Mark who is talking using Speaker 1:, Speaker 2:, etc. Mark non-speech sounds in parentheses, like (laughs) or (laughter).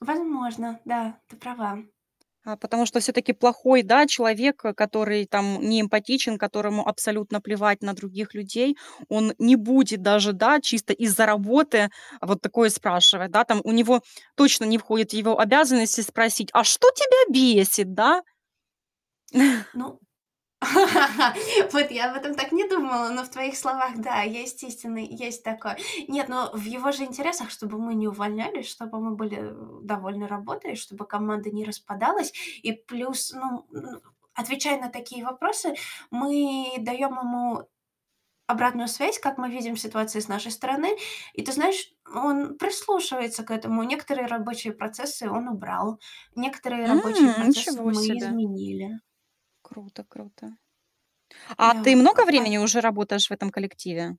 Speaker 1: Возможно, да, ты права.
Speaker 2: А потому что всё-таки плохой, да, человек, который там не эмпатичен, которому абсолютно плевать на других людей, он не будет даже, да, чисто из-за работы вот такое спрашивать, да, там у него точно не входит в его обязанности спросить: а что тебя бесит, да? (chuckles)
Speaker 1: Ну. (laughs) Вот я об этом так не думала, но в твоих словах, да, есть истинный, есть такой. Нет, но в его же интересах, чтобы мы не увольнялись, чтобы мы были, э, довольны работой, чтобы команда не распадалась. И плюс, ну ну, отвечая на такие вопросы, мы даем ему обратную связь, как мы видим в ситуации с нашей стороны. И ты знаешь, он прислушивается к этому. Некоторые рабочие процессы он убрал, некоторые
Speaker 2: М.
Speaker 1: рабочие процессы
Speaker 2: Ничего
Speaker 1: мы
Speaker 2: себе.
Speaker 1: изменили.
Speaker 2: Круто-круто. А ты
Speaker 1: Да, а
Speaker 2: много
Speaker 1: пай
Speaker 2: времени уже работаешь в этом коллективе?